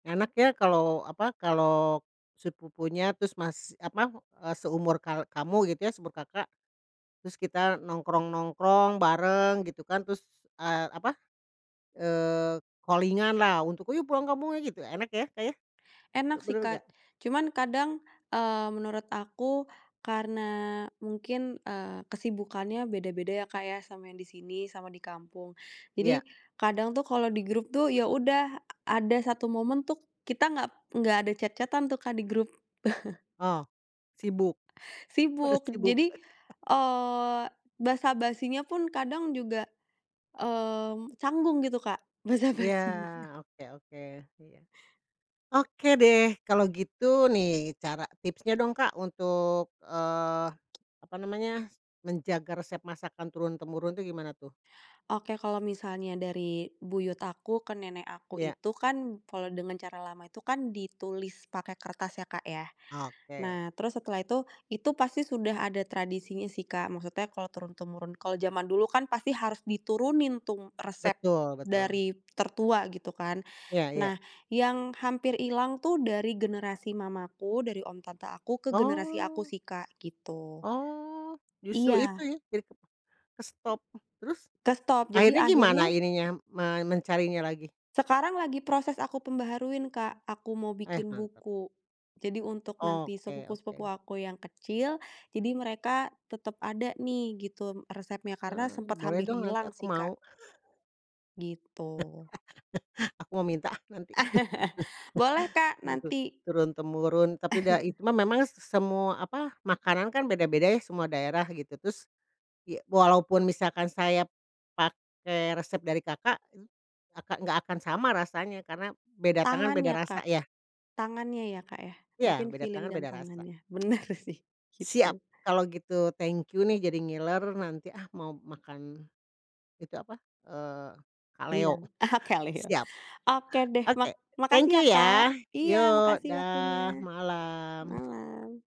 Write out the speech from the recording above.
Enak ya, kalau apa, kalau sepupunya terus mas apa, eee, seumur kal kamu gitu ya, seumur Kakak. Terus kita nongkrong-nongkrong bareng, gitu kan. Terus, eee, apa, eee, calling-an lah untuk, "Ayo, pulang kampung ayo!" gitu, enak ya, Kak, ya. Enak sih, Betul Kak. nggak? Cuman kadang, eee, menurut aku karena mungkin, eee, kesibukannya beda-beda ya, Kak, ya, sama yang di sini, sama di kampung. Iya. Jadi, kadang tuh kalau di grup tuh ya udah, a ada satu momen tuh kita nggak nggak ada chat-chat-an tuh, Kak, di grup. Oh, sibuk. Pada Sibuk, sibuk. jadi, eee, basa-basinya pun kadang juga, mmm, canggung gitu, Kak, Ya, basa-basinya. oke oke, iya. Oke deh, kalau gitu nih, cara tipsnya dong Kak, untuk, eee, apa namanya, menjaga resep masakan turun temurun tuh gimana tuh? Oke, kalau misalnya dari buyut aku ke nenek aku Iya. itu kan, kalau dengan cara lama itu kan ditulis pakai kertas ya, Kak, ya. Oke. Nah, terus setelah itu itu pasti sudah ada tradisinya sih, Kak, maksudnya kalau turun temurun, kalau jaman dulu kan pasti harus diturunin tuh resep Betul betul. dari tertua gitu kan. Iya iya. Nah, yang hampir hilang tuh dari generasi mamaku, dari om tante aku, ke generasi aku Oh. sih Kak, gitu. Oh. Justru itu Iya. ya, jadi ke kestop. Terus, Kestop, jadi akhirnya gimana akhirnya ini nya, me mencarinya lagi? Sekarang lagi proses aku pembaharuin, Kak, aku mau Eh, bikin mantap. buku. Jadi untuk nanti Oke sepupu-sepupu oke. aku yang kecil, jadi mereka tetap ada nih, gitu, resepnya. Karena sempet Mmm, boleh hampir dong nanti hilang aku sih, mau. Kak. Gitu. Aku mau minta ah nanti. Boleh, Kak, gitu, nanti. turun temurun, tapi dai cuma memang s s semua, apa, makanan kan beda-beda ya semua daerah, gitu. Terus, ya, walaupun misalkan saya pakai resep dari Kakak, akak nggak akan sama rasanya, karena beda tangan beda Tangannya, rasa Kak. ya. Tangannya ya, Kak, ya, Ya, mungkin beda feeling tangan dan beda rasa. tangannya. Benar sih, Siap, gitu. kalau gitu, thank you nih jadi ngiler, nanti, ah, mau makan, itu apa, eee, kalio. Rendang, ah kalio. Siap. Oke deh mak Oke, thank makasih you ya, Kak. ya, Iya, yuk, makasih dah, waktunya. malam. Malam.